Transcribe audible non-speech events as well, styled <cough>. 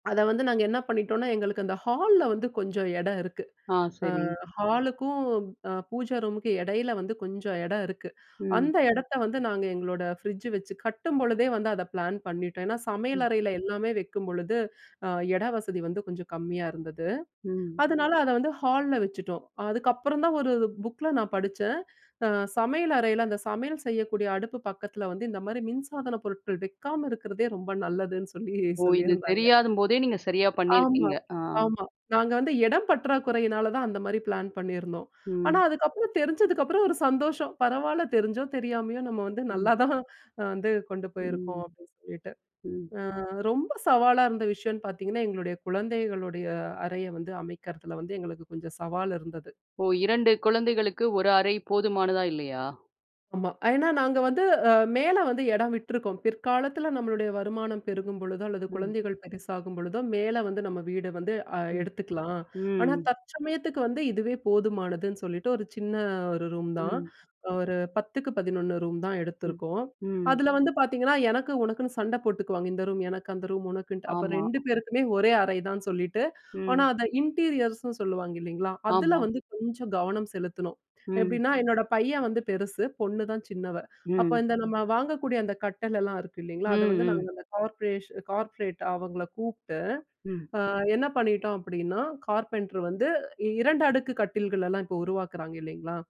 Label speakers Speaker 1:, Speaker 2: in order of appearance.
Speaker 1: அத வந்து, நாங்க என்ன பண்ணிட்டோனா, எங்களுக்கு அந்த ஹால்ல வந்து, கொஞ்சம் எடம் இருக்கு.
Speaker 2: ஆ,
Speaker 1: அ,
Speaker 2: சரி.
Speaker 1: ஹாலுக்கும் அ, பூஜா ரூமுக்கு எடயில வந்து, கொஞ்சம் எடம் இருக்கு.
Speaker 2: ம்.
Speaker 1: அந்த எடத்த வந்து, நாங்க எங்களோட ஃப்ரிட்ஜு வச்சு, கட்டும்பொழுதே வந்து அத பிளான் பண்ணிட்டோம். ஏன்னா, சமையல்
Speaker 2: ம்.
Speaker 1: அறையில எல்லாமே வக்கிம்பொழுது, அ, எட வசதி வந்து, கொஞ்ச கம்மியா இருந்தது.
Speaker 2: ம்.
Speaker 1: அதனால, அத வந்து, ஹால்ல வச்சுட்டோம். அதுக்கப்புறம் தான், ஒரு புக்ல நான் படுச்சேன். அ, சமையல் அறையில, அந்த சமையல் செய்யக்கூடிய அடுப்பு பக்கத்தில வந்து, இந்த மாரி மின்சாதனப் பொருட்கள் வக்காம இருக்குறதே, ரொம்ப <chuckles> நல்லதுன்னு சொல்லி,
Speaker 2: ஓ, இது
Speaker 1: சொல்லியிருந்தாங்க.
Speaker 2: தெரியாதும் போதே, நீங்க சரியா
Speaker 1: ஆமா.
Speaker 2: பண்ணியிருக்கீங்க? அ.
Speaker 1: ஆமா. நாங்க வந்து எடம் பற்றாக்குறையினாலதான், அந்த மாரி பிளான் பண்ணியிருந்தோம். ஆனா,
Speaker 2: ம்.
Speaker 1: அதுக்கப்புறம், தெரிஞ்சதுக்கப்புறம், ஒரு சந்தோஷம். பரவால்ல, தெரிஞ்சோ தெரியாமயோ, நம்ம வந்து <chuckles>
Speaker 2: ம்.
Speaker 1: நல்லா தான், வந்து கொண்டு போயிருக்கோம்.
Speaker 2: ம்.
Speaker 1: அப்படின்னு சொல்லிவிட்டு.
Speaker 2: ம்.
Speaker 1: அ, ரொம்ப சவாலா இருந்த விஷயனு பாத்திங்கன்னா, எங்களுடைய குழந்தைகளுடைய அறைய வந்து, அமைக்கிறதல வந்து, எங்களுக்கு கொஞ்சம் சவால் இருந்தது.
Speaker 2: ஓ, 2 குழந்தைகளுக்கு, 1 அறை. போதுமானதா இல்லையா?
Speaker 1: ஆமா. ஏன்னா, நாங்க வந்து, அ, மேல வந்து, எடம் விட்டுருக்கோம். பிற்காலத்தில நம்மளுடைய வருமானம் பெருகும்பொழுதோ அல்லது
Speaker 2: ம்.
Speaker 1: குழந்தைகள் பெருசாகும்பொழுதோ, மேல வந்து, நம்ம வீடு வந்து அ,
Speaker 2: ம்.
Speaker 1: எடுத்துக்கலாம்.
Speaker 2: ம்,
Speaker 1: ஆனா,
Speaker 2: ம்.
Speaker 1: தற்சமயத்துக்கு வந்து, இதுவே போதுமானதுன்னு சொல்லிட்டு, ஒரு சின்ன 1 ரூம் தான்.
Speaker 2: ம்.
Speaker 1: ஒரு 10 11 ரூம் தான்
Speaker 2: ம்,
Speaker 1: எடுத்துருக்கோம்.
Speaker 2: ம்.
Speaker 1: அதில வந்து பாத்திங்கன்னா, எனக்கு உனக்குன்னு சண்ட போட்டுக்குவாங்க. இந்த ரூம் எனக்கு, அந்த ரூம் உனக்குன்ட்டு. அப்ப
Speaker 2: ஆமா.
Speaker 1: 2 பேருக்குமே, ஒரே அறை தான்னு சொல்லிட்டு, ஆனா
Speaker 2: ம்.
Speaker 1: அதை இன்டீரியர்ஸ்னு சொல்லுவாங்க, இல்லைங்களா? அதில
Speaker 2: ஆமா.
Speaker 1: வந்து, கொஞ்சம் கவனம் செலுத்தணும்.
Speaker 2: ம்.
Speaker 1: எப்படின்னா? என்னோட பையன் வந்து பெருசு. பொண்ணுதான் சின்னவ. அப்ப
Speaker 2: ம்.
Speaker 1: இந்த, நம்ம வாங்கக்கூடிய அந்த கட்டலலாம் இருக்கு இல்லைங்களா,
Speaker 2: ம்,
Speaker 1: அத வந்து, நாங்க
Speaker 2: ம்.
Speaker 1: அந்த கார்பெண்டர், கார்பெண்டர். அவங்கள கூப்ட்டு.
Speaker 2: ம்.
Speaker 1: அ, என்ன பண்ணிட்டோம் அப்படின்னா? கார்பெண்டர் வந்து, 2 அடுக்கு கட்டில்களலாம், இப்போ உருவாக்குறாங்க. இல்லைங்களா?